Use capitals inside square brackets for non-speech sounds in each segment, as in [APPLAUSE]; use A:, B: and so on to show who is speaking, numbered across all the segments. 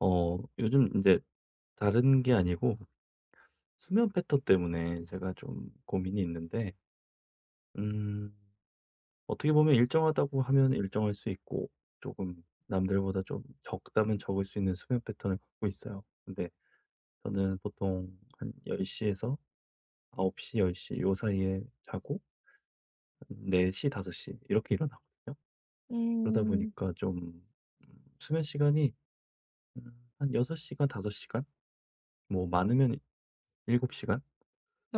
A: 어 요즘 인제 다른 게 아니고 수면 패턴 때문에 제가 좀 고민이 있는데 음 어떻게 보면 일정하다고 하면 일정할 수 있고 쪼금 남들보다 좀 적다면 적을 수 있는 수면 패턴을 갖고 있어요. 근데 저는 보통 한 10:00 에서 9:00 10:00 요 사이에 자고 한 4:00 5:00 이렇게 일어나거든요. 그러다
B: 음.
A: 보니까 좀 수면 시간이 음 한 6 시간 5 시간 뭐 많으면 7 시간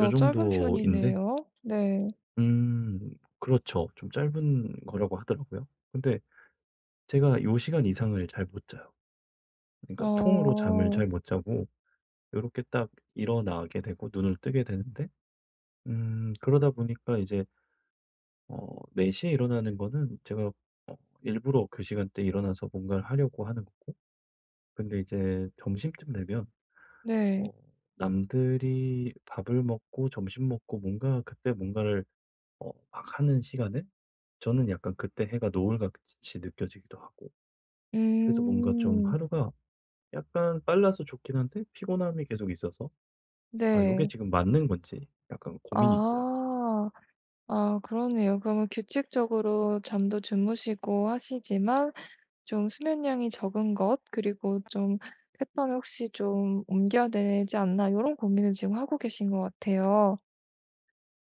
A: 요
B: 짧은
A: 정도인데
B: 편이네요. 네.
A: 음 그렇죠. 좀 짧은 거라고 하더라고요. 근데 제가 요 시간 이상을 잘 못 자요. 그러니까 통으로 잠을
B: 어.
A: 잘 못 자고 요렇게 딱 일어나게 되고 눈을 뜨게 되는데 음 그러다 보니까 이제 어 4:00 에 일어나는 거는 제가 어 일부러 그 시간대에 일어나서 뭔가를 하려고 하는 거고 근데 이제 점심쯤 되면
B: 네.
A: 어 남들이 밥을 먹고 점심 먹고 뭔가 그때 뭔가를 어 막 하는 시간에 저는 약간 그때 해가 노을같이 느껴지기도 하고 그래서 뭔가 좀
B: 음.
A: 하루가 약간 빨라서 좋긴 한데 피곤함이 계속 있어서 '아 요게
B: 네.
A: 지금 맞는 건지.' 약간 고민이 있어요.
B: 아. 아 그러네요. 그러면 규칙적으로 잠도 주무시고 하시지만 좀 수면량이 적은 것 그리고 좀 '패턴을 혹시 좀 옮겨야 되지 않나.' 요런 고민을 지금 하고 계신 것 같아요.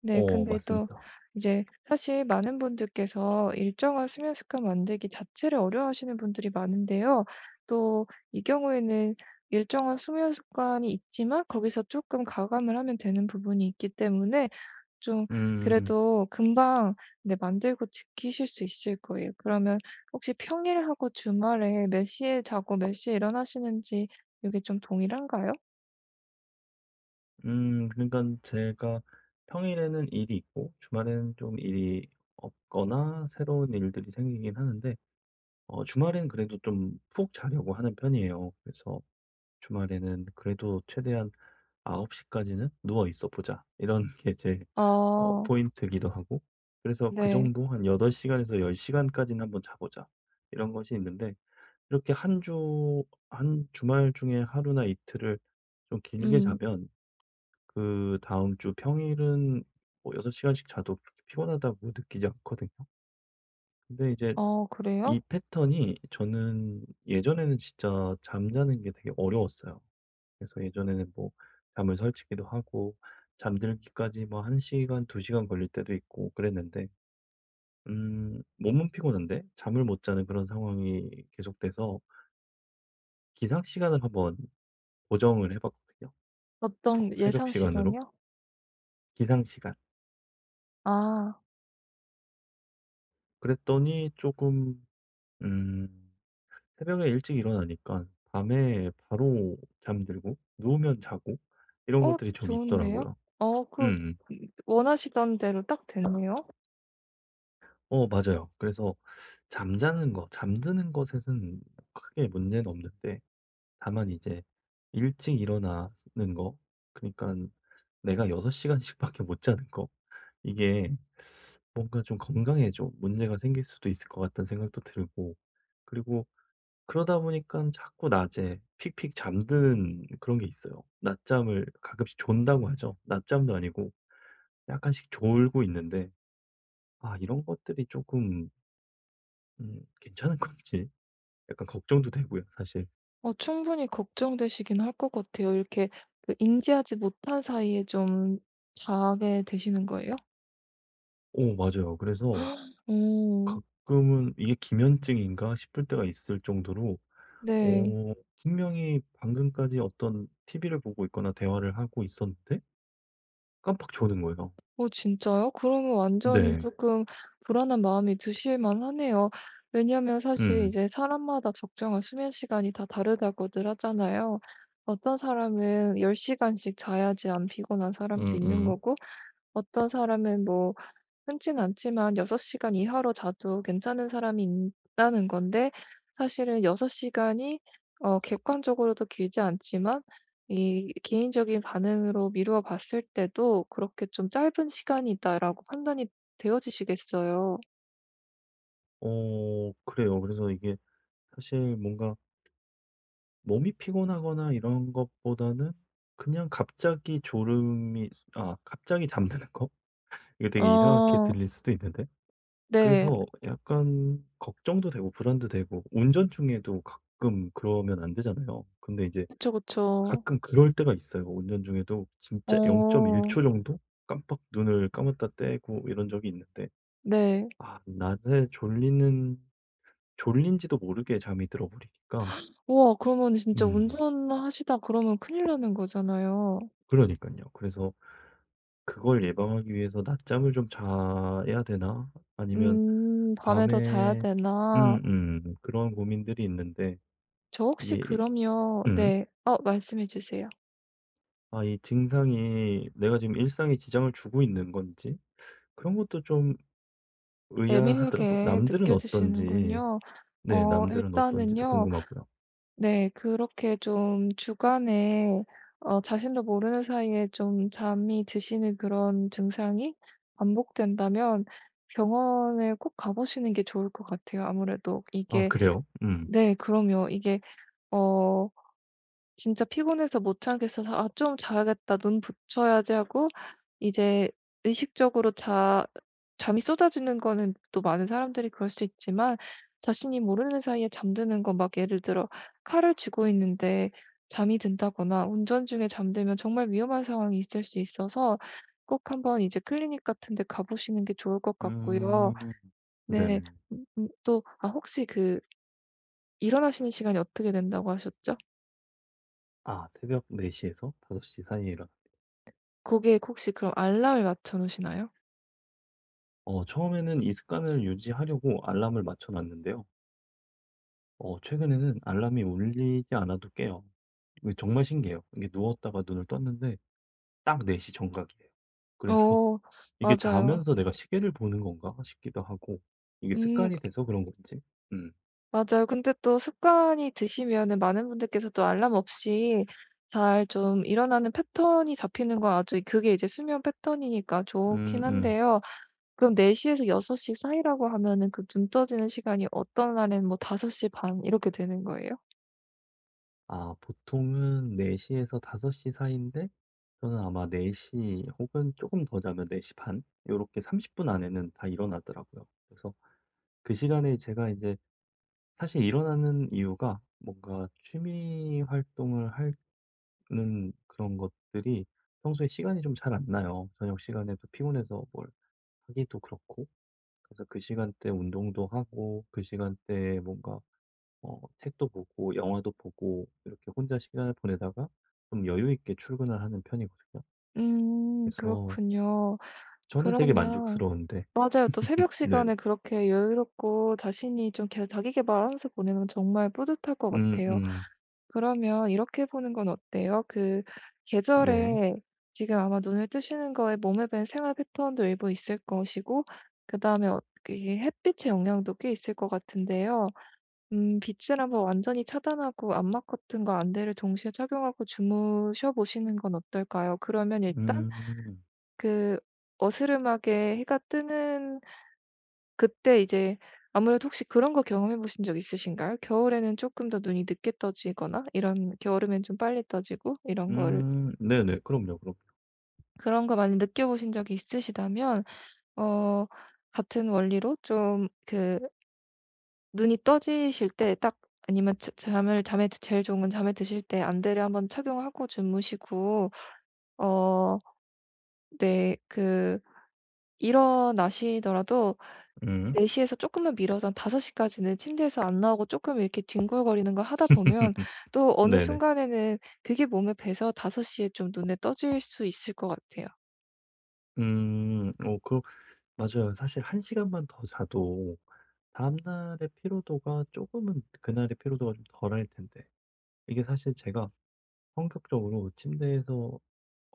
B: 네.
A: 어
B: 근데 또
A: 맞습니다.
B: 이제 사실 많은 분들께서 일정한 수면 습관 만들기 자체를 어려워하시는 분들이 많은데요. 또 이 경우에는 일정한 수면 습관이 있지만 거기서 쪼끔 가감을 하면 되는 부분이 있기 때문에 좀
A: 음.
B: 그래도 금방 네 만들고 지키실 수 있을 거예요. 그러면 혹시 평일하고 주말에 몇 시에 자고 몇 시에 일어나시는지 요게 좀 동일한가요?
A: 음 그러니깐 제가 평일에는 일이 있고 주말에는 좀 일이 없거나 새로운 일들이 생기긴 하는데 어 주말에는 그래도 좀 푹 자려고 하는 편이에요. 그래서 주말에는 그래도 최대한 '9:00 까지는 누워 있어 보자.' 이런 게 제 어
B: 어.
A: 포인트기도 하고 그래서 그
B: 네.
A: 정도 '한 8 시간에서 10 시간까지는 한번 자 보자.' 이런 것이 있는데 이렇게 1 주 한 주말 중에 하루나 이틀을 좀 길게
B: 음.
A: 자면 그다음 주 평일은 뭐 6 시간씩 자도 그렇게 피곤하다고 느끼지 않거든요. 근데 이제
B: 어
A: 이
B: 그래요?
A: 패턴이 저는 예전에는 진짜 잠자는 게 되게 어려웠어요. 그래서 예전에는 뭐 잠을 설치기도 하고 잠들기까지 뭐 1 시간 2 시간 걸릴 때도 있고 그랬는데 음 몸은 피곤한데 잠을 못 자는 그런 상황이 계속돼서 기상시간을 한번 고정을 해 봤거든요 어
B: 어떤
A: 새벽
B: 예상
A: 시간으로.
B: 시간이요?
A: 기상 시간.
B: 아.
A: 그랬더니 쪼금 음 새벽에 일찍 일어나니까 밤에 바로 잠들고 누우면 자고 이런
B: 어
A: 것들이 좀
B: 좋은데요?
A: 있더라고요.
B: 어 그
A: 음음.
B: 원하시던 대로 딱 됐네요.
A: 어 맞아요. 그래서 잠자는 거 잠드는 것에서는 크게 문제는 없는데 다만 이제 일찍 일어나는 거 그니깐 내가 6 시간씩밖에 못 자는 거 이게 '뭔가 좀 건강에 좀 문제가 생길 수도 있을 것 같다.'는 생각도 들고 그리고 그러다 보니깐 자꾸 낮에 픽픽 잠드는 그런 게 있어요. 낮잠을 가끔씩 존다고 하죠. 낮잠도 아니고 약간씩 졸고 있는데 아 이런 것들이 쪼끔 음 괜찮은 건지 약간 걱정도 되고요 사실.
B: 어 충분히 걱정되시긴 할 것 같아요. 이렇게 그 인지하지 못한 사이에 좀 자게 되시는 거예요?
A: 어 맞아요. 그래서
B: [GASPS] 어.
A: 가끔은 이게 기면증인가 싶을 때가 있을 정도로
B: 네.
A: 어 분명히 방금까지 어떤 TV를 보고 있거나 대화를 하고 있었는데 깜빡 조는 거예요.
B: 어 진짜요? 그러면 완전
A: 네.
B: 쪼끔 불안한 마음이 드실만하네요. 왜냐면 사실
A: 음.
B: 이제 사람마다 적정한 수면시간이 다 다르다고들 하잖아요. 어떤 사람은 10 시간씩 자야지 안 피곤한 사람도 있는
A: 음음.
B: 거고 어떤 사람은 뭐 흔치는 않지만 6 시간 이하로 자도 괜찮은 사람이 있다는 건데 사실은 6 시간이 어 객관적으로도 길지 않지만 이 개인적인 반응으로 미루어 봤을 때도 그렇게 좀 짧은 시간이다라고 판단이 되어지시겠어요.
A: 어 그래요. 그래서 이게 사실 뭔가 ...몸이 피곤하거나 이런 것보다는 그냥 갑자기 졸음이 아 갑자기 잠드는 거? [LAUGHS] 이거 되게 이상하게
B: 어.
A: 들릴 수도 있는데
B: 네.
A: 그래서 약간 걱정도 되고 불안도 되고 운전 중에도 가끔 그러면 안 되잖아요. 근데 이제
B: 그쵸, 그쵸.
A: 가끔 그럴 때가 있어요. 운전 중에도 진짜 0.1
B: 어.
A: 초 정도 깜빡 눈을 감았다 떼고 이런 적이 있는데
B: 네.
A: 아 낮에 졸리는 졸린지도 모르게 잠이 들어버리니까
B: [GASPS] 우와 그러면은 진짜
A: 음.
B: 운전하시다 그러면 큰일 나는 거잖아요.
A: 그러니깐요. 그래서 '그걸 예방하기 위해서 낮잠을 좀 자야 되나? 아니면
B: 음 밤에 더 자야
A: 밤에'
B: 되나?
A: 음음 그런 고민들이 있는데
B: 저 혹시
A: 이게
B: 그럼요
A: 음.
B: 네. 어 말씀해 주세요.
A: 아 이 증상이 내가 지금 일상에 지장을 주고 있는 건지 그런 것도 좀 의아하더라고요.
B: 애매하게
A: 남들은 어떤지
B: 느껴지시는군요.
A: 네.
B: 어
A: 남들은 어떤지도
B: 일단은요.
A: 궁금하고요.
B: 네 그렇게 좀 주간에 어 자신도 모르는 사이에 좀 잠이 드시는 그런 증상이 반복된다면 병원에 꼭 가 보시는 게 좋을 것 같아요 아무래도.
A: 아
B: 이게
A: 그래요? 음.
B: 네 그럼요. 이게 어 진짜 피곤해서 못 자겠어서 '아 좀 자야겠다. 눈 붙여야지.' 하고 이제 의식적으로 자 잠이 쏟아지는 거는 또 많은 사람들이 그럴 수 있지만 자신이 모르는 사이에 잠드는 건 막 예를 들어 칼을 쥐고 있는데 잠이 든다거나 운전 중에 잠들면 정말 위험한 상황이 있을 수 있어서 꼭 한번 이제 클리닉 같은 데 가 보시는 게 좋을 것 같고요.
A: 음.
B: 네.
A: 네네.
B: 또 아 혹시 그 일어나시는 시간이 어떻게 된다고 하셨죠?
A: 아 새벽 4 시에서 5 시 사이에 일어나는
B: 거기에 혹시 그럼 알람을 맞춰 놓으시나요?
A: 어 처음에는 이 습관을 유지하려고 알람을 맞춰 놨는데요. 어 최근에는 알람이 울리지 않아도 깨요. 정말 신기해요. 이게 누웠다가 눈을 떴는데 딱 4:00 정각이에요. 그래서
B: 어
A: 이게
B: 맞아요.
A: '자면서 내가 시계를 보는 건가?' 싶기도 하고 이게
B: 음.
A: 습관이 돼서 그런 건지 음.
B: 맞아요. 근데 또 습관이 드시면은 많은 분들께서 또 알람 없이 잘 좀 일어나는 패턴이 잡히는 건 아주 그게 이제 수면 패턴이니까 좋기는
A: 음음.
B: 한데요. 그럼 4:00 에서 6:00 사이라고 하면은 그 눈 떠지는 시간이 어떤 날에는 뭐 5 시 반 이렇게 되는 거예요?
A: 아 보통은 4:00 에서 5:00 사이인데 저는 아마 4:00 혹은 쪼금 더 자면 4 시 반 요렇게 30 분 안에는 다 일어나더라고요. 그래서 그 시간에 제가 이제 사실 일어나는 이유가 뭔가 취미 활동을 하는 그런 것들이 평소에 시간이 좀 잘 안 나요. 저녁 시간에도 피곤해서 뭘 하기도 그렇고 그래서 그 시간대에 운동도 하고 그 시간대에 뭔가 어 책도 보고 영화도 보고 이렇게 혼자 시간을 보내다가 좀 여유 있게 출근을 하는 편이거든요.
B: 음
A: 그래서
B: 그렇군요.
A: 저는 되게
B: 그러면
A: 만족스러운데.
B: 맞아요. 또
A: [LAUGHS]
B: 새벽
A: 네.
B: 시간에 그렇게 여유롭고 자신이 좀 계 자기계발하면서 보내는 정말 뿌듯할 것 같아요.
A: 음음.
B: 그러면 이렇게 해 보는 건 어때요? 그
A: 네.
B: 계절에 지금 아마 눈을 뜨시는 거에 몸에 밴 생활 패턴도 일부 있을 것이고 그 다음에 어 이게 햇빛의 영향도 꽤 있을 것 같은데요. 음 빛을 한번 완전히 차단하고 암막 커튼과 안대를 동시에 착용하고 주무셔 보시는 건 어떨까요? 그러면 일단
A: 음.
B: 그 어스름하게 해가 뜨는 그때 이제 아무래도 혹시 그런 거 경험해 보신 적 있으신가요? 겨울에는 쪼끔 더 눈이 늦게 떠지거나 이런 여름에는 좀 빨리 떠지고 이런 거를
A: 음 네네. 그럼요, 그럼요.
B: 그런 거 많이 느껴보신 적이 있으시다면 어 같은 원리로 좀 그 눈이 떠지실 때 딱 아니면 자 잠을 잠에 제 제일 좋은 건 잠에 드실 때 안대를 한번 착용하고 주무시고 어 네 그 일어나시더라도
A: 음.
B: 4:00 에서 조금만 미뤄서 한 5:00 까지는 침대에서 안 나오고 조금 이렇게 뒹굴거리는 걸 하다 보면
A: [LAUGHS]
B: 또 어느
A: 네네.
B: 순간에는 그게 몸에 배서 5:00 에 좀 눈에 떠질 수 있을 것 같아요.
A: 음 어 그 맞아요. 사실 1 시간만 더 자도 다음 날의 피로도가 조금은 그날의 피로도가 좀 덜할 텐데 이게 사실 제가 성격적으로 침대에서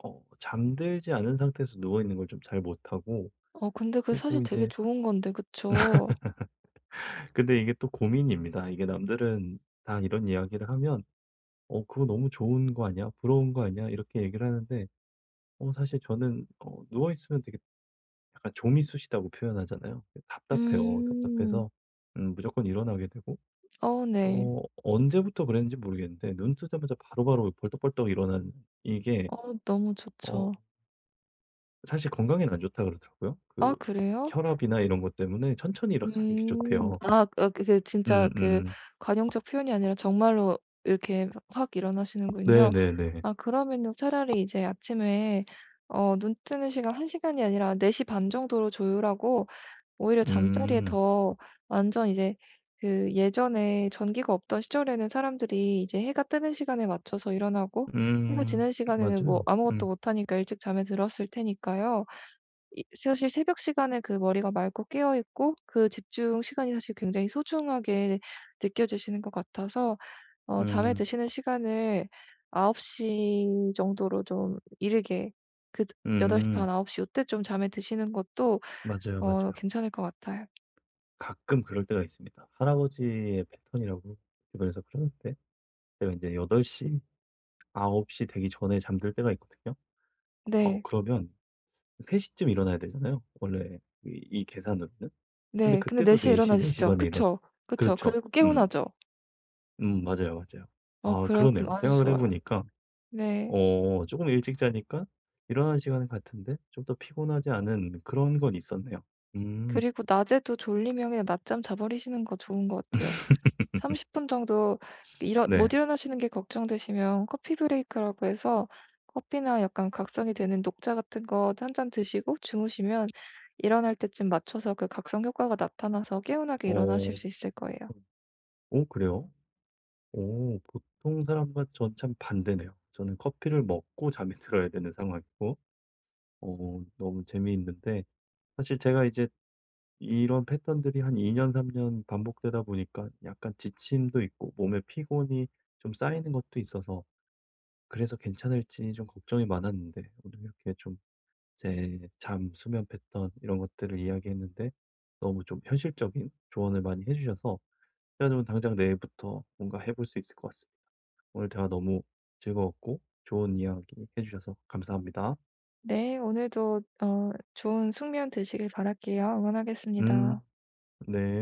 A: 어 잠들지 않은 상태에서 누워 있는 걸 좀 잘 못하고
B: 어 근데 그게 사실
A: 그리고
B: 되게
A: 이제
B: 좋은 건데 그쵸?
A: [LAUGHS] 근데 이게 또 고민입니다. 이게 남들은 다 이런 이야기를 하면 "어 그거 너무 좋은 거 아니야? 부러운 거 아니야?" 이렇게 얘기를 하는데 어 사실 저는 어 누워 있으면 되게 약간 "좀이 쑤시다."고 표현하잖아요. 답답해요.
B: 음.
A: 답답해서 음 무조건 일어나게 되고
B: 어 네.
A: 어 언제부터 그랬는지 모르겠는데 눈 뜨자마자 바로바로 벌떡벌떡 일어나는 이게
B: 어 너무
A: 어
B: 좋죠.
A: 사실 건강에는 안 좋다고 그러더라고요.
B: 아
A: 그
B: 그래요?
A: 혈압이나 이런 것 때문에 천천히 일어서는 게
B: 음.
A: 좋대요.
B: 아 어 그 이제 진짜 그
A: 음음.
B: 관용적 표현이 아니라 정말로 이렇게 화 확 일어나시는군요.
A: 네네네.
B: 아 그러면은 차라리 이제 아침에 어 눈 뜨는 시간 1 시간이 아니라 4 시 반 정도로 조율하고 오히려 잠자리에
A: 음.
B: 더 완전 이제 그 예전에 전기가 없던 시절에는 사람들이 이제 해가 뜨는 시간에 맞춰서 일어나고 해가
A: 음
B: 지는 시간에는 뭐
A: 맞아요.
B: 아무것도
A: 음.
B: 못하니까 일찍 잠에 들었을 테니까요. 이 사실 새벽 시간에 그 머리가 맑고 깨어 있고 그 집중 시간이 사실 굉장히 소중하게 느껴지시는 것 같아서 어 잠에
A: 음.
B: 드시는 시간을 9:00 정도로 좀 이르게 그 8 시
A: 음.
B: 반 9:00 요때 좀 잠에 드시는 것도
A: 맞아요,
B: 어
A: 맞아요.
B: 괜찮을 것 같아요.
A: 가끔 그럴 때가 있습니다.
B: 음.
A: 할아버지의 패턴이라고 주변에서 그러는데 제가 인제 8:00 9:00 되기 전에 잠들 때가 있거든요. 어
B: 네.
A: 그러면 3:00 쯤 일어나야 되잖아요, 원래 이 이 계산으로는? 근데
B: 네. 근데 네
A: 그때도
B: 시 에
A: 4:00 4 시
B: 일어나지시죠?
A: 반에 일어나요.
B: 그쵸, 그쵸.
A: 그렇죠.
B: 그리고
A: 음.
B: 개운하죠?
A: 음 맞아요, 맞아요.
B: 어
A: 아
B: 그래요. 그럼
A: 그러네요.
B: 아주
A: 생각을 해
B: 좋아요.
A: 보니까
B: 네.
A: 어 쪼금 일찍 자니까 일어나는 시간은 같은데 좀 더 피곤하지 않은 그런 건 있었네요. 음.
B: 그리고 낮에도 졸리면 그냥 낮잠 자버리시는 거 좋은 것 같아요. 30
A: [LAUGHS]
B: 분 정도 일어 못
A: 네.
B: 일어나시는 게 걱정되시면 커피 브레이크라고 해서 커피나 약간 각성이 되는 녹차 같은 거 1 잔 드시고 주무시면 일어날 때쯤 맞춰서 그 각성 효과가 나타나서 개운하게
A: 어 어.
B: 일어나실 수 있을 거예요.
A: 어 그래요? 오 보통 사람과 전 참 반대네요. 저는 커피를 먹고 잠이 들어야 되는 상황이고 어 너무 재미있는데 사실 제가 이제 이런 패턴들이 한 2 년 3 년 반복되다 보니까 약간 지침도 있고 몸에 피곤이 좀 쌓이는 것도 있어서 그래서 괜찮을지 좀 걱정이 많았는데 오늘 이렇게 좀 제 잠 수면 패턴 이런 것들을 이야기했는데 너무 좀 현실적인 조언을 많이 해 주셔서 그래 가지고 당장 내일부터 뭔가 해 볼 수 있을 것 같습니다. 오늘 대화 너무 즐거웠고 좋은 이야기해 주셔서 감사합니다.
B: 네 오늘도 어 좋은 숙면 되시길 바랄게요. 응원하겠습니다.
A: 음. 네.